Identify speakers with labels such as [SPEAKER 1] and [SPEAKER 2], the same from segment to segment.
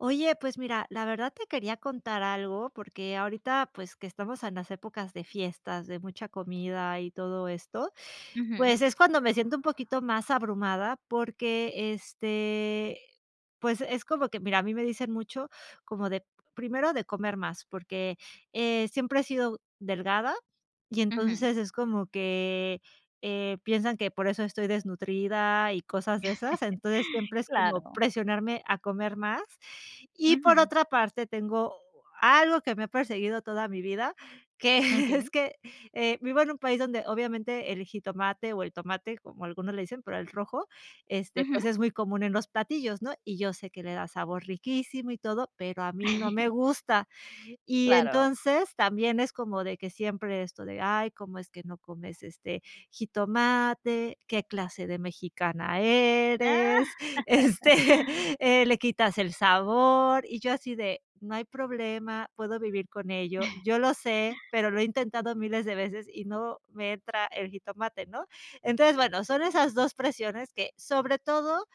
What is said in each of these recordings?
[SPEAKER 1] Oye, pues mira, la verdad, te quería contar algo, porque ahorita pues que estamos en las épocas de fiestas de mucha comida y todo esto,
[SPEAKER 2] Ujú.
[SPEAKER 1] pues es cuando me siento un poquito más abrumada, porque, este pues es como que mira, a mí me dicen mucho como de, primero de comer más, porque, eh, siempre he sido delgada y
[SPEAKER 2] Ujú.
[SPEAKER 1] entonces es como que, eh, piensan que por eso estoy desnutrida y cosas de esas, entonces siempre es como
[SPEAKER 2] Claro.
[SPEAKER 1] presionarme a comer más, y por
[SPEAKER 2] Ujú.
[SPEAKER 1] otra parte, tengo algo que me ha perseguido toda mi vida que, es
[SPEAKER 2] Okey.
[SPEAKER 1] que, eh, vivo en un país donde obviamente el jitomate, o el tomate como algunos le dicen, pero el rojo, este
[SPEAKER 2] Ujú.
[SPEAKER 1] pues es muy común en los platillos, ¿no?, y yo sé que le da sabor riquísimo y todo, pero a mí no me gusta y
[SPEAKER 2] Claro.
[SPEAKER 1] entonces también es como de que siempre esto de: "Ay, cómo es que no comes, este, jitomate, ¿qué clase de mexicana
[SPEAKER 2] Ah.
[SPEAKER 1] eres?, este, eh, le quitas el sabor", y yo así de: "No hay problema, puedo vivir con ello". Yo lo sé, pero lo he intentado miles de veces y no me entra el jitomate, ¿no?, entonces, bueno, son esas 2 presiones que sobre todo,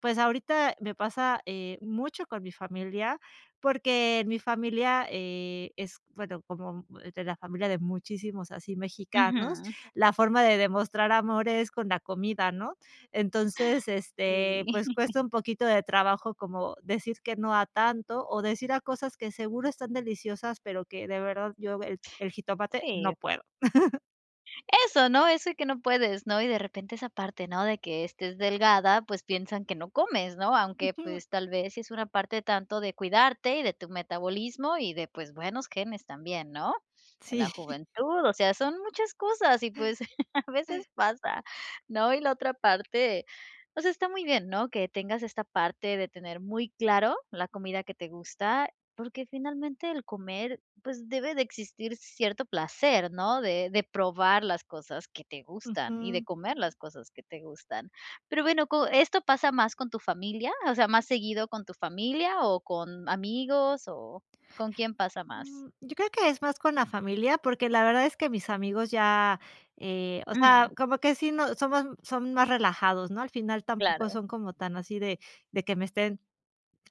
[SPEAKER 1] pues ahorita me pasa, eh, mucho con mi familia, porque en mi familia, eh, es bueno, como de la familia de muchísimos así mexicanos,
[SPEAKER 2] Ujú.
[SPEAKER 1] la forma de demostrar amor es con la comida, ¿no?, entonces, este, pues
[SPEAKER 2] Y.
[SPEAKER 1] cuesta un poquito de trabajo, como decir que no a tanto, o decir a cosas que seguro están deliciosas, pero que de verdad yo, el jitomate, no
[SPEAKER 2] Sí.
[SPEAKER 1] puedo.
[SPEAKER 2] Eso, ¿no?, eso de que no puedes, ¿no?, y de repente, esa parte, ¿no?, de que estés delgada, pues piensan que no comes, ¿no?, aunque
[SPEAKER 1] Ujú.
[SPEAKER 2] pues, tal vez sí es una parte tanto de cuidarte, y de tu metabolismo, y de, pues, buenos genes también, ¿no?, en la
[SPEAKER 1] Sí.
[SPEAKER 2] juventud, o sea, son muchas cosas, y pues, a veces pasa, ¿no?, y la otra parte, o sea, está muy bien, ¿no?, que tengas esta parte de tener muy claro la comida que te gusta, porque finalmente el comer, pues, debe de existir cierto placer, ¿no?, de de probar las cosas que te gustan, y de
[SPEAKER 1] Ujú.
[SPEAKER 2] comer las cosas que te gustan, pero bueno, co ¿esto pasa más con tu familia, o sea, más seguido con tu familia, o con amigos? o, ¿con quién pasa más?
[SPEAKER 1] Mm, yo creo que es más con la familia, porque la verdad es que mis amigos ya, eh o sea,
[SPEAKER 2] Ujú.
[SPEAKER 1] como que, sí, no somos son más relajados, ¿no? Al final tampoco
[SPEAKER 2] Claro.
[SPEAKER 1] son como tan así de de que me estén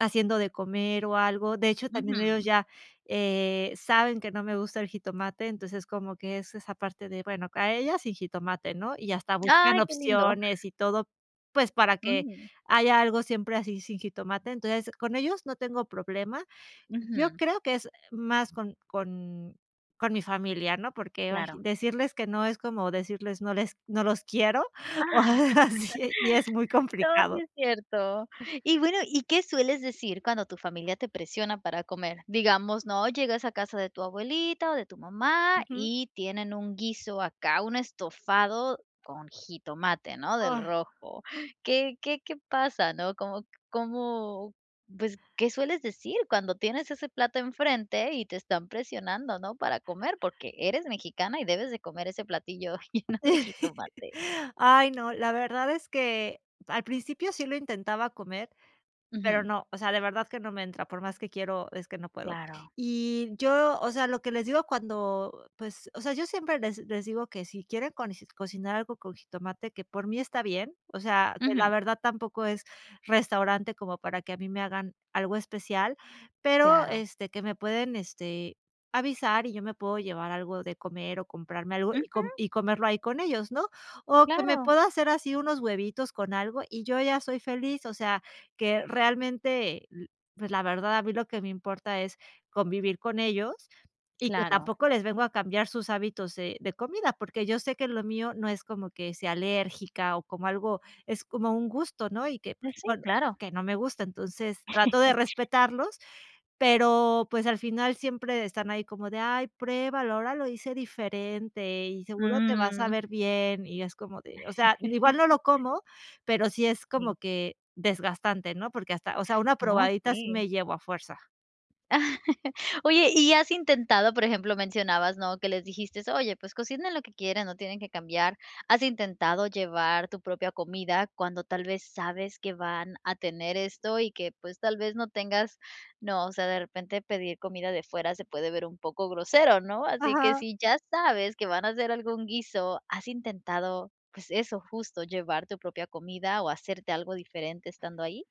[SPEAKER 1] haciendo de comer o algo, de hecho, también ellos
[SPEAKER 2] Ujú.
[SPEAKER 1] ya, eh, saben que no me gusta el jitomate, entonces como que es esa parte de, bueno, a ella sin jitomate, ¿no?, y hasta buscan
[SPEAKER 2] ¡Ay, qué lindo!
[SPEAKER 1] opciones y todo, pues, para que
[SPEAKER 2] Ujú.
[SPEAKER 1] haya algo siempre así sin jitomate. Entonces, con ellos no tengo problema. Yo
[SPEAKER 2] Ujú.
[SPEAKER 1] creo que es más con con con mi familia, ¿no?, porque, ay,
[SPEAKER 2] Claro.
[SPEAKER 1] decirles que no, es como decirles no les no los quiero,
[SPEAKER 2] Ah,
[SPEAKER 1] o algo así, y es muy
[SPEAKER 2] no, sí
[SPEAKER 1] complicado.
[SPEAKER 2] es cierto, y bueno, ¿y qué sueles decir cuando tu familia te presiona para comer?, digamos, ¿no?, llegas a casa de tu abuelita o de tu mamá,
[SPEAKER 1] Ujú.
[SPEAKER 2] y tienen un guiso acá, un estofado con jitomate, ¿no?, del
[SPEAKER 1] Ah.
[SPEAKER 2] rojo, ¿qué qué qué pasa, no?, cómo cómo, pues, ¿qué sueles decir cuando tienes ese plato enfrente y te están presionando, no?, para comer, porque eres mexicana y debes de comer ese platillo lleno de jitomate.
[SPEAKER 1] Ay, no, la verdad es que, al principio sí lo intentaba comer, pero
[SPEAKER 2] Ujú.
[SPEAKER 1] no, o sea, de verdad que no me entra, por más que quiero, es que no puedo,
[SPEAKER 2] Claro.
[SPEAKER 1] y yo o sea, lo que les digo cuando, pues o sea, yo siempre les les digo que si quieren con cocinar algo con jitomate, que por mí está bien, o sea, que la
[SPEAKER 2] Ujú.
[SPEAKER 1] verdad, tampoco es restaurante como para que a mí me hagan algo especial pero,
[SPEAKER 2] Claro.
[SPEAKER 1] este, que me pueden, este, avisar, y yo me puedo llevar algo de comer o comprarme algo, y com
[SPEAKER 2] Ujú.
[SPEAKER 1] y comerlo ahí con ellos, ¿no?, o que me
[SPEAKER 2] Claro.
[SPEAKER 1] puedo hacer así, unos huevitos con algo, y yo ya soy feliz, o sea, que realmente lo pues, la verdad, a mí lo que me importa es convivir con ellos, y que
[SPEAKER 2] Claro.
[SPEAKER 1] tampoco les vengo a cambiar sus hábitos, eh, de comida, porque yo sé que lo mío, no es como que sea alérgica o como algo es como un gusto, ¿no?, y que,
[SPEAKER 2] Eh,
[SPEAKER 1] pues
[SPEAKER 2] sí,
[SPEAKER 1] bueno,
[SPEAKER 2] claro.
[SPEAKER 1] que no me gusta, entonces trato de respetarlos, pero pues, al final siempre de están ahí como de: "Ay, pruébalo, ahora lo hice diferente, y seguro te vas a
[SPEAKER 2] Mm.
[SPEAKER 1] saber bien", y es como de o sea, igual no lo como, pero sí es como
[SPEAKER 2] Sí.
[SPEAKER 1] que desgastante, ¿no?, porque hasta, o sea, una
[SPEAKER 2] No,
[SPEAKER 1] probadita, sí
[SPEAKER 2] sí.
[SPEAKER 1] me llevo, a fuerza.
[SPEAKER 2] Oye, ¿y has intentado?, por ejemplo, mencionabas, ¿no?, que les dijiste, oye pues, cocina lo que quieran, no tienen que cambiar, ¿has intentado llevar tu propia comida?, cuando tal vez, sabes que van a tener esto, y que, pues, tal vez no tengas, ¿no?, o sea, de repente pedir comida de fuera, se puede ver un poco grosero, ¿no?, así que,
[SPEAKER 1] Ajá.
[SPEAKER 2] si ya sabes que van a hacer algún guiso, ¿has intentado?, pues eso, justo, ¿llevar tu propia comida o hacerte algo diferente estando ahí?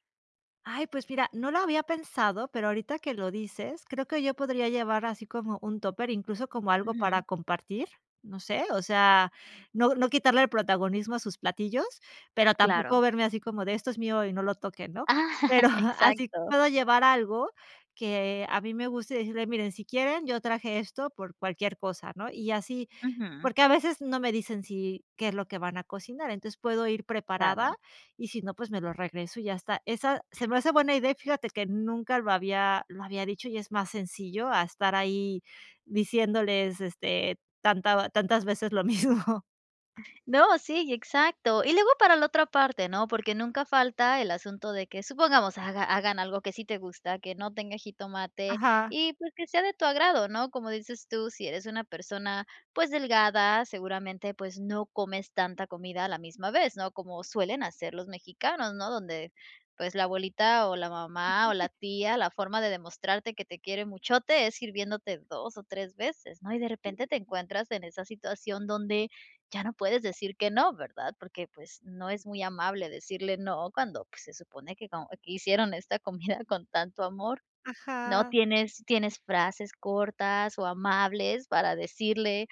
[SPEAKER 1] Ay, pues mira, no lo había pensado, pero ahorita que lo dices, creo que yo podría llevar, así como un tupper, incluso, como algo para
[SPEAKER 2] Ujú.
[SPEAKER 1] compartir, no sé, o sea, no no quitarle el protagonismo a sus platillos, pero tampoco
[SPEAKER 2] Claro.
[SPEAKER 1] verme así como de: "Esto es mío y no lo toquen", ¿no?,
[SPEAKER 2] Ah,
[SPEAKER 1] pero así
[SPEAKER 2] exacto.
[SPEAKER 1] puedo llevar algo, que a mí me guste, y decirles, miren, si quieren, yo traje esto por cualquier cosa, ¿no?, y así,
[SPEAKER 2] Ujú.
[SPEAKER 1] porque a veces no me dicen, sí, qué es lo que van a cocinar, entonces, puedo ir preparada,
[SPEAKER 2] Claro.
[SPEAKER 1] y si no, pues, me lo regreso y ya está, esa se me hace buena idea, y fíjate que, nunca lo había lo había dicho, y es más sencillo a estar ahí diciéndoles, este, tanta tantas veces lo mismo, ah.
[SPEAKER 2] No, sí, y, exacto, y luego para la otra parte, ¿no?, porque nunca falta el asunto de que, supongamos, haga hagan algo que sí te gusta, que no tenga jitomate,
[SPEAKER 1] Ajá.
[SPEAKER 2] y pues, que sea de tu agrado, ¿no?, como dices tú, si eres una persona, pues delgada, seguramente, pues, no comes tanta comida a la misma vez, ¿no?, como suelen hacer los mexicanos, ¿no?, donde, pues, la abuelita, o la mamá, o la tía, la forma de demostrarte que te quiere muchote, es sirviéndote 2 o 3 veces, ¿no?, y de repente, te encuentras en esa situación, donde ya no puedes decir que no, ¿verdad?, porque pues, no es muy amable decirle no, cuando pues, se supone que co que hicieron esta comida con tanto amor, ¿no
[SPEAKER 1] Ajá.
[SPEAKER 2] tienes tienes frases cortas o amables?, para decirle: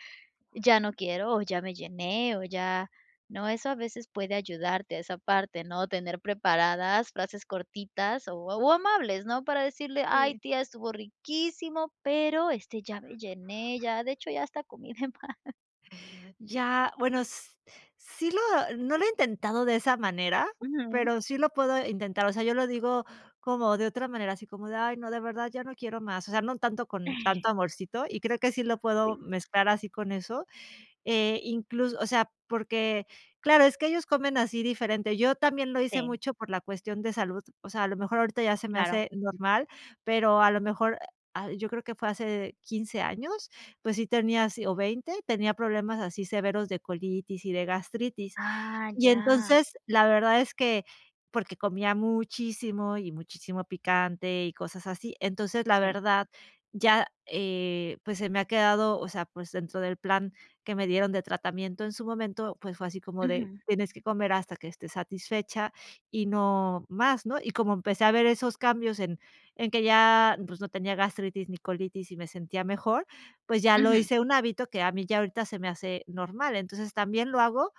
[SPEAKER 2] "Ya no quiero, o ya me llené, o ya", ¿no?, eso a veces puede ayudarte a esa parte, ¿no?, tener preparadas frases cortitas o o amables, ¿no?, para decirle: "Ay,
[SPEAKER 1] Sí.
[SPEAKER 2] tía, estuvo riquísimo, pero este, ya me llené, ya, de hecho, ya hasta comí de más".
[SPEAKER 1] Ya, bueno, s sí, lo no lo he intentado de esa manera,
[SPEAKER 2] Ujú.
[SPEAKER 1] pero sí lo puedo intentar, o sea, yo lo digo como de otra manera, así como de: "Ay no, de verdad, ya no quiero más", o sea, no tanto con
[SPEAKER 2] Eh.
[SPEAKER 1] tanto amorcito y creo que sí lo puedo
[SPEAKER 2] Sí.
[SPEAKER 1] mezclar así con eso, eh, inclus o sea, porque claro, es que ellos comen así diferente, yo también lo hice
[SPEAKER 2] Sí.
[SPEAKER 1] mucho por la cuestión de salud, o sea, a lo mejor ahorita ya se me
[SPEAKER 2] Claro.
[SPEAKER 1] hace normal, pero a lo mejor, eh, ah, yo creo que fue hace 15 años, pues sí, tenía si, o 20 tenía problemas así severos de colitis y de gastritis
[SPEAKER 2] Ah,
[SPEAKER 1] y,
[SPEAKER 2] ya.
[SPEAKER 1] entonces, la verdad es que porque comía muchísimo y muchísimo picante y cosas así, entonces, la
[SPEAKER 2] Sí.
[SPEAKER 1] verdad ya, eh, pues, se me ha quedado, o sea, pues, dentro del plan que me dieron de tratamiento en su momento, pues, fue así como de:
[SPEAKER 2] Ujú.
[SPEAKER 1] "Tienes que comer hasta que estés satisfecha y no más", ¿no?, y como empecé a ver esos cambios en en que ya, pues, no tenía gastritis, ni colitis y me sentía mejor, pues, ya lo
[SPEAKER 2] Ujú.
[SPEAKER 1] hice un hábito que a mí ya ahorita se me hace normal, entonces, también lo hago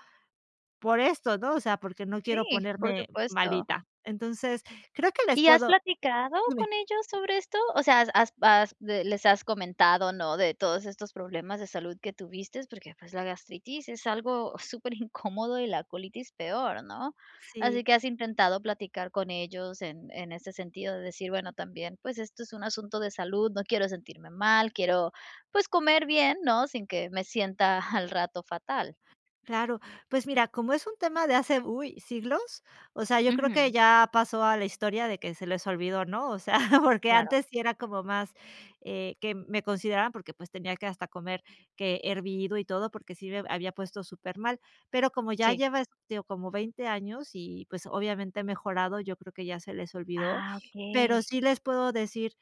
[SPEAKER 1] por esto, ¿no?, o sea, porque no
[SPEAKER 2] Sí,
[SPEAKER 1] quiero
[SPEAKER 2] por
[SPEAKER 1] ponerme
[SPEAKER 2] supuesto.
[SPEAKER 1] malita, entonces, creo que les
[SPEAKER 2] ¿Y has
[SPEAKER 1] puedo
[SPEAKER 2] platicado
[SPEAKER 1] Dime.
[SPEAKER 2] con ellos sobre esto, o sea, has has bas de les has comentado, no, de todos estos problemas de salud que tuviste?, porque, pues, la gastritis es algo superincómodo y la colitis peor, ¿no?, así
[SPEAKER 1] Sí.
[SPEAKER 2] que, ¿has intentado platicar con ellos?, en en ese sentido de decir: "Bueno, también, pues, esto es un asunto de salud, no quiero sentirme mal, quiero pues comer bien, ¿no?, sin que me sienta al rato fatal".
[SPEAKER 1] Claro, pues mira, como es un tema de hace, uy, siglos, o sea, yo creo que
[SPEAKER 2] Ujú.
[SPEAKER 1] ya pasó a la historia de que se les olvidó, ¿no?, o sea, porque
[SPEAKER 2] Claro.
[SPEAKER 1] antes sí era como más, eh, que me consideraban porque, pues, tenía que hasta comer que hervido y todo porque sí me b había puesto supermal, pero como ya
[SPEAKER 2] Sí.
[SPEAKER 1] lleva, este, o como 20 años y, pues, obviamente he mejorado, yo creo que ya se les olvidó,
[SPEAKER 2] Ah,
[SPEAKER 1] pero
[SPEAKER 2] okey.
[SPEAKER 1] sí les puedo decir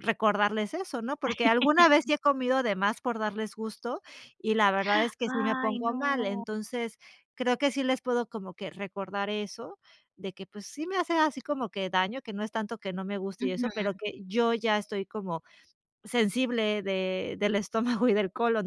[SPEAKER 1] recordarles eso, ¿no?, porque alguna vez sí he comido de más por darles gusto, y la verdad, es que sí me
[SPEAKER 2] ¡Ay,
[SPEAKER 1] pongo mal,
[SPEAKER 2] no!
[SPEAKER 1] entonces, creo que sí les puedo como que recordar eso de que, pues sí, me hace así como que daño, que no es tanto que no me guste y eso, pero
[SPEAKER 2] Ujú.
[SPEAKER 1] que yo ya estoy como sensible de del estómago y del colon,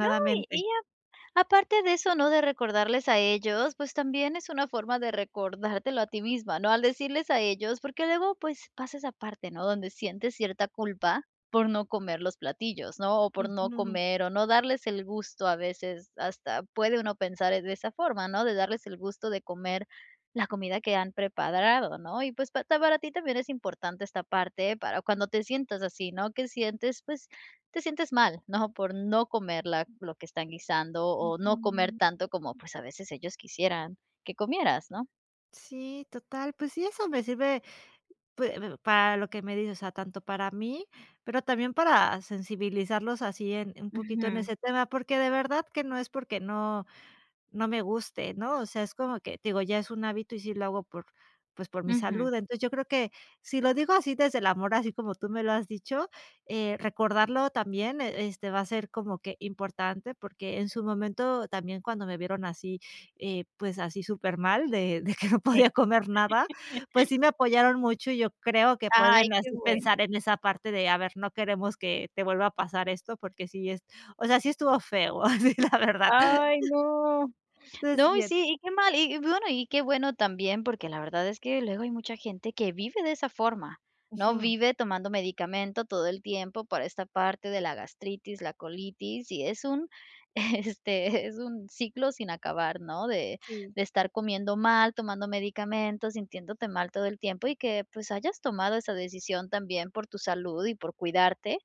[SPEAKER 2] No, y y a aparte de eso, ¿no?, de recordarles a ellos, pues, también es una forma de recordártelo a ti misma, ¿no?, al decirles a ellos, porque luego, pues, pasa esa parte, ¿no?, donde sientes cierta culpa por no comer los platillos, ¿no?, o por no
[SPEAKER 1] Ujú.
[SPEAKER 2] comer o no darles el gusto, a veces hasta puede uno pensar en esa forma, ¿no?, de darles el gusto de comer la comida que han preparado ¿no?, y, pues, pa ta para ti también es importante esta parte para cuando te sientas así, ¿no?, que sientes, pues, te sientes mal, ¿no?, por no comer la lo que están guisando o no comer
[SPEAKER 1] Ujú.
[SPEAKER 2] tanto como, pues, a veces ellos quisieran que comieras, ¿no?
[SPEAKER 1] Sí, total. Pues sí, eso me sirve, pues, para lo que me dices, o sea, tanto para mí, pero también para sensibilizarlos así en un poquito en
[SPEAKER 2] Ujú.
[SPEAKER 1] ese tema, porque de verdad que no es porque no no me guste, ¿no? O sea, es como que te digo, ya es un hábito y sí lo hago por, pues, por mi
[SPEAKER 2] Ujú.
[SPEAKER 1] salud. Entonces yo creo que si lo digo así desde el amor, así como tú me lo has dicho, eh, recordarlo también e este va a ser como que importante porque en su momento también cuando me vieron así, eh, pues así, supermal, de de que no podía
[SPEAKER 2] Sí.
[SPEAKER 1] comer nada. Pues sí, me apoyaron mucho, y yo creo que
[SPEAKER 2] Ay,
[SPEAKER 1] pueden
[SPEAKER 2] qué
[SPEAKER 1] así
[SPEAKER 2] bueno.
[SPEAKER 1] pensar en esa parte de: “A ver, no queremos que te vuelva a pasar esto porque sí es o sea, sí estuvo feo así, la verdad".
[SPEAKER 2] Ay, no. No, y
[SPEAKER 1] [unintelligible]
[SPEAKER 2] sí, y qué mal y y bueno y qué bueno también porque la verdad es que luego hay mucha gente que vive de esa forma, ¿no?,
[SPEAKER 1] Ujú.
[SPEAKER 2] vive tomando medicamento todo el tiempo para esta parte de la gastritis, la colitis y es un este es un ciclo sin acabar, ¿no?, de
[SPEAKER 1] Sí.
[SPEAKER 2] de estar comiendo mal, tomando medicamentos, sintiéndote mal todo el tiempo y que, pues, hayas tomado esa decisión también por tu salud y por cuidarte.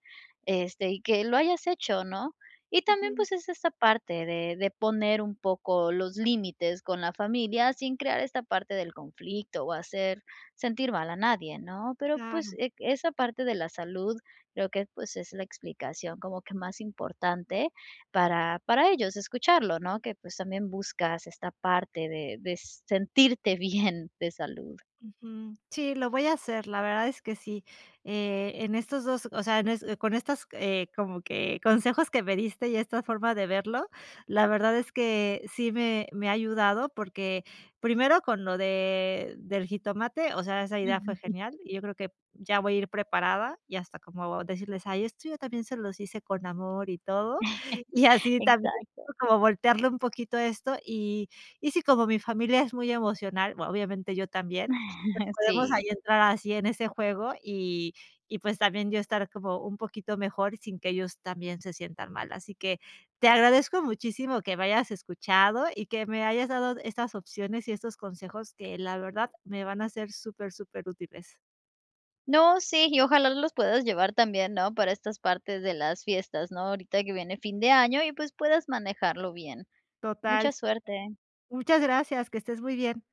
[SPEAKER 2] Este y que lo hayas hecho, ¿no? Y también,
[SPEAKER 1] Ujú.
[SPEAKER 2] pues, es esta parte de de poner un poco los límites con la familia sin crear esta parte del conflicto o hacer sentir mal a nadie, ¿no?, pero pues
[SPEAKER 1] Claro.
[SPEAKER 2] e esa parte de la salud, creo que, pues, es la explicación como que más importante para para ellos escucharlo, ¿no?, que, pues, también buscas esta parte de de sentirte bien de salud.
[SPEAKER 1] Ujú. Sí, lo voy a hacer. La verdad es que sí, eh, en estos 2 o sea, en es con estas, eh, como que consejos que me diste y esta forma de verlo. La verdad es que sí me me ha ayudado porque primero con lo de del jitomate, o sea, esa idea fue
[SPEAKER 2] [unintelligible]
[SPEAKER 1] genial y yo creo que p ya voy a ir preparada y hasta como decirles: “Ay, esto yo también se los hice con amor y todo”, y así, también
[SPEAKER 2] Exacto.
[SPEAKER 1] como voltearle un poquito esto, y Y si como mi familia es muy emocional, vo obviamente yo también. Pues podemos ahí
[SPEAKER 2] Sí.
[SPEAKER 1] entrar así en ese juego y y pues también yo estar como un poquito mejor sin que ellos también se sientan mal. Así que te agradezco muchísimo que me hayas escuchado y que me hayas dado estas opciones y estos consejos que la verdad, me van a ser super superútiles.
[SPEAKER 2] No, sí, y ojalá los puedas llevar también, ¿no?, para estas partes de las fiestas, ¿no?, ahorita que viene fin de año y pues puedas manejarlo bien.
[SPEAKER 1] Total.
[SPEAKER 2] Mucha suerte.
[SPEAKER 1] Muchas gracias. Que estés muy bien.